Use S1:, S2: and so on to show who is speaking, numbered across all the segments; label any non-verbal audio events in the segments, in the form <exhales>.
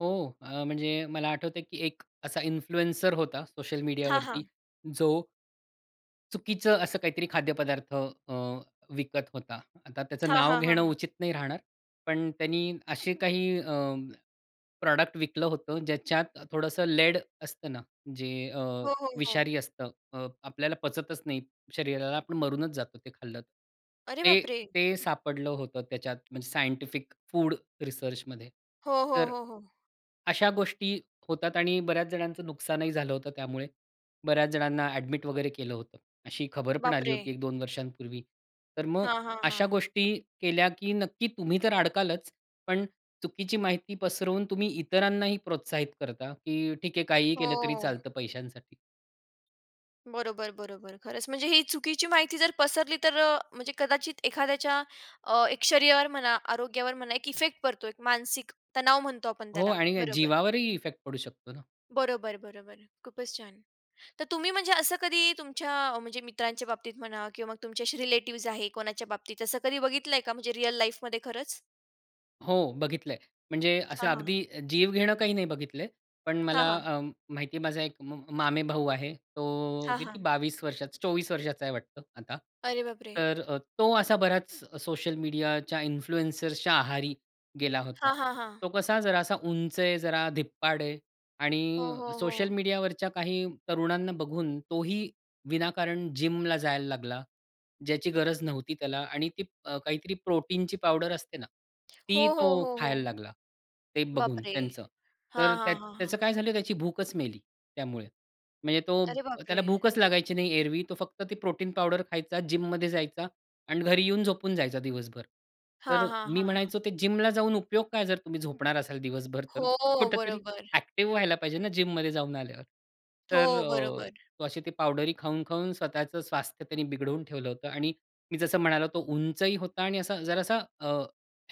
S1: हो, अ, म्हणजे मला आठवतंय, की एक असा इन्फ्लुएन्सर होता सोशल
S2: हां,
S1: मीडियावरती.
S2: हां.
S1: जो चुकीचं असं काहीतरी खाद्यपदार्थ अ, विकत होता. आता त्याचं
S2: हां,
S1: नाव
S2: हां,
S1: घेणं
S2: हां.
S1: उचित नाही राहणार. पण त्यांनी असे काही अं, प्रॉडक्ट विकलं होतं, ज्याच्यात थोडंसं लेड असतं ना, जे अ,
S2: हो, हो, हो.
S1: विषारी असतं. अ, आपल्याला पचतच नाही शरीराला. आपण मरूनच जातो ते खाल्लं तर.
S2: अरे
S1: ते
S2: बापरे!
S1: ते सापडलं होतं त्याच्यात म्हणजे सायंटिफिक फूड रिसर्चमध्ये
S2: हो, हो,
S1: तर
S2: हो, हो.
S1: अशा गोष्टी होतात आणि बऱ्याच जणांचं नुकसानही झालं होतं त्यामुळे. बऱ्याच जणांना अ‍ॅडमिट वगैरे केलं होतं. अशी खबर पण आली
S2: बापरे!
S1: होती एक-दोन वर्षांपूर्वी. तर मग
S2: हां, हां,
S1: अशा
S2: हां.
S1: गोष्टी केल्या की नक्की तुम्ही तर अडकालच पण चुकीची माहिती पसरवून तुम्ही इतरांनाही प्रोत्साहित करता की ठीक आहे, काहीही केलं तरी
S2: हो.
S1: चालतं पैशांसाठी.
S2: बरोबर, बरोबर. खरंच, म्हणजे ही चुकीची माहिती जर पसरली तर अ, म्हणजे कदाचित एखाद्याच्या अ, एक शरीरावर म्हणा, आरोग्यावर म्हणा एक इफेक्ट पडतो, एक मानसिक तणाव म्हणतो आपण
S1: हो,
S2: त्याला.
S1: आणि
S2: बरोबर.
S1: जीवावरही इफेक्ट पडू शकतो ना.
S2: बरोबर, बरोबर, खूपच छान. तर तुम्ही म्हणजे असं कधी तुमच्या म्हणजे मित्रांच्या बाबतीत म्हणा किंवा मग तुमचे असे रिलेटिव्हज आहे, कोणाच्या बाबतीत असं कधी बघितलंय का म्हणजे रिअल लाईफमध्ये खरंच?
S1: हो. बघितलंय, म्हणजे असं
S2: हां, हां.
S1: अगदी जीव घेणं काही नाही बघितलंय. पण
S2: हां,
S1: मला
S2: हां.
S1: अं, माहिती आहे माझा एक अं, मामेभाऊ आहे. तो
S2: हां,
S1: किती
S2: हां.
S1: 22 वर्षाचा, 24 वर्षाचा आहे वाटतं आता.
S2: अरे बापरे! <exhales>
S1: तर अ, तो असा बराच सोशल मीडियाच्या इन्फ्लुअन्सर्सच्या आहारी गेला होता.
S2: हां, हां, हां.
S1: तो कसा जरा असा उंच आहे, जरा धिप्पाड आहे
S2: हो,
S1: आणि
S2: हो,
S1: सोशल
S2: हो.
S1: मीडियावरच्या काही तरुणांना बघून तोही विनाकारण जिमला जायला लागला. ज्याची गरज नव्हती त्याला आणि ती अ, काहीतरी प्रोटीनची पावडर असते ना, ती
S2: हो, हो,
S1: तो
S2: हो,
S1: खायला
S2: हो.
S1: लागला ते बघून
S2: बापरे!
S1: त्यांचं.
S2: हां,
S1: तर
S2: हां,
S1: त्यात
S2: हां,
S1: त्याचं
S2: हां.
S1: काय झालं, त्याची भूकच मेली त्यामुळे, म्हणजे तो
S2: अरे बापरे!
S1: त्याला भूकच लागायची नाही. एरवी तो फक्त ती प्रोटीन पावडर खायचा, जिममध्ये जायचा आणि घरी येऊन झोपून जायचा दिवसभर. तर
S2: हां,
S1: अ,
S2: हां,
S1: मी
S2: हां, हां.
S1: म्हणायचो ते जिमला जाऊन उपयोग काय जर तुम्ही झोपणार असाल दिवसभर तर?
S2: हो.
S1: कुठेतरी
S2: बरोबर.
S1: अ‍ॅक्टिव्ह व्हायला पाहिजे ना, जिम मध्ये जाऊन आल्यावर. तर
S2: हो.
S1: अ,
S2: बरोबर.
S1: तो अशी ती पावडरी खाऊन-खाऊन स्वतःच स्वास्थ्य बिघडवून ठेवलं होतं आणि मी जसं म्हणालो, तो उंचही होता आणि असा जरासा अ,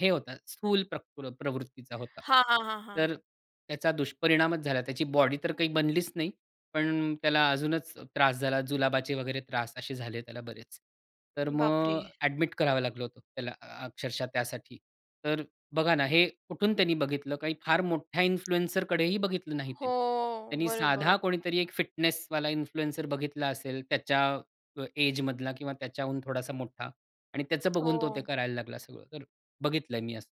S1: हे होता स्थूल प्रकृ प्रवृत्तीचा
S2: <inhales>
S1: होता,
S2: हां, हां, हां, हां.
S1: तर त्याचा दुष्परिणामच झाला. त्याची बॉडी तर काही बनलीच नाही, पण अ, त्याला अजूनच त्रास झाला जुलाबाचे वगैरे त्रास असे झाले त्याला बरेच. तर मग
S2: बापरे!
S1: अ‍ॅडमिट करावं लागलं होतं, त्याला अक्षरशः त्यासाठी. तर बघा ना, हे कुठून त्यानी बघितलं. काही फार मोठ्या इन्फ्लुएन्सरकडेही बघितलं नाही त्यांनी.
S2: हो.
S1: त्यांनी साधा
S2: बरोबर.
S1: कोणीतरी एक फिटनेसवाला इन्फ्लुएन्सर बघितला असेल त्याच्या अ, एज मधला किंवा त्याच्याहून थोडासा मोठा आणि त्याचं
S2: <clicks tongue>
S1: बघून तो ते
S2: हो.
S1: करायला लागला सगळं. तर बघितलंय मी असं.